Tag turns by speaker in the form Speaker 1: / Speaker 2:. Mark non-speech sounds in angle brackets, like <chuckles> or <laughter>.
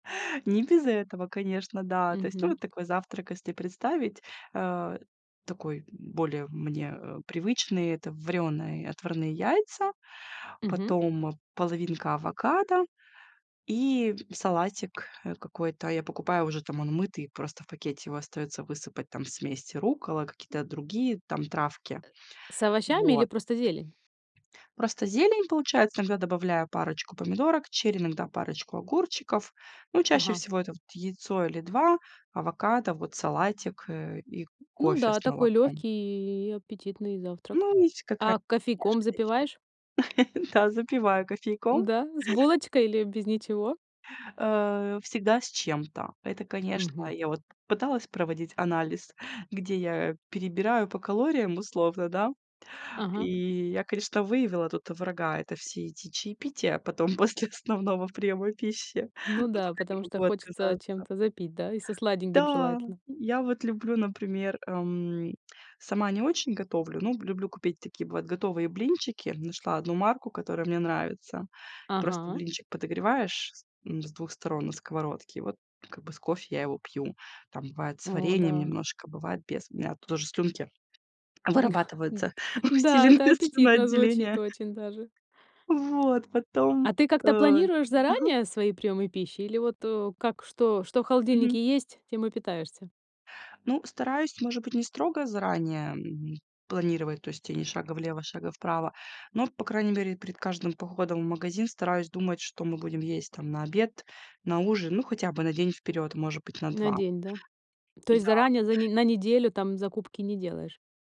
Speaker 1: Не без этого, конечно, да. То есть, ну,
Speaker 2: Мгм.
Speaker 1: вот такой завтрак, если представить, э, такой более мне привычный- это варёные, отварные яйца,
Speaker 2: Мгм.
Speaker 1: потом половинка авокадо и салатик, э, какой-то. Я покупаю уже там, он мытый, просто в пакете его остаётся высыпать, там смесь руккола, какие-то другие там травки.
Speaker 2: С овощами или
Speaker 1: Вот.
Speaker 2: просто зелень?
Speaker 1: Просто зелень получается, иногда добавляю парочку помидорок черри, иногда парочку огурчиков. Ну, чаще
Speaker 2: Ага.
Speaker 1: всего это вот яйцо или 2, авокадо, вот салатик, э, и
Speaker 2: Ну
Speaker 1: кофе
Speaker 2: да,
Speaker 1: с
Speaker 2: такой
Speaker 1: молоком.
Speaker 2: легкий и аппетитный завтрак.
Speaker 1: Ну, есть
Speaker 2: А
Speaker 1: какая-то
Speaker 2: кофейком
Speaker 1: вкусняшка
Speaker 2: запиваешь?
Speaker 1: <unintelligible> <chuckles> Да, запиваю кофейком.
Speaker 2: Да, с булочкой или без ничего?
Speaker 1: Э, всегда с чем-то. Это, конечно,
Speaker 2: Мгм.
Speaker 1: я вот пыталась проводить анализ, где я перебираю по калориям условно, да.
Speaker 2: Ага.
Speaker 1: И я, конечно, выявила тут врага: это все эти чаепития потом после основного приема пищи,
Speaker 2: Ну
Speaker 1: но
Speaker 2: да,
Speaker 1: пока не
Speaker 2: потому что
Speaker 1: могу
Speaker 2: хочется
Speaker 1: отказаться.
Speaker 2: чем-то запить, да, и со сладеньким
Speaker 1: Да,
Speaker 2: желательно.
Speaker 1: я вот люблю, например, эм, сама не очень готовлю, но люблю купить такие бывают готовые блинчики, нашла одну марку, которая мне нравится. Просто
Speaker 2: Ага.
Speaker 1: блинчик подогреваешь с ну, с 2 сторон на сковородке, и вот как бы с кофе я его пью, там бывает с
Speaker 2: О
Speaker 1: вареньем
Speaker 2: да.
Speaker 1: немножко, бывает без, у меня тут тоже слюнки
Speaker 2: <chuckles>
Speaker 1: вырабатываются,
Speaker 2: Н-да, это
Speaker 1: усиленное
Speaker 2: аппетитно звучит
Speaker 1: слюноотделение.
Speaker 2: очень даже.
Speaker 1: Вот, потом,
Speaker 2: А ты
Speaker 1: э
Speaker 2: как-то планируешь
Speaker 1: ага.
Speaker 2: заранее свои приёмы пищи? Или вот, э, как, что что в
Speaker 1: Мгм.
Speaker 2: холодильнике есть, тем и питаешься?
Speaker 1: Ну, стараюсь, может быть, не строго заранее планировать, то есть тебе ни шага влево, шага вправо, но, по крайней мере, перед каждым походом в магазин стараюсь думать, что мы будем есть там на обед, на ужин, ну, хотя бы на день вперёд, может быть, на
Speaker 2: На
Speaker 1: 2.
Speaker 2: день, да? То есть
Speaker 1: Да.
Speaker 2: заранее, за не на неделю, там, закупки не делаешь?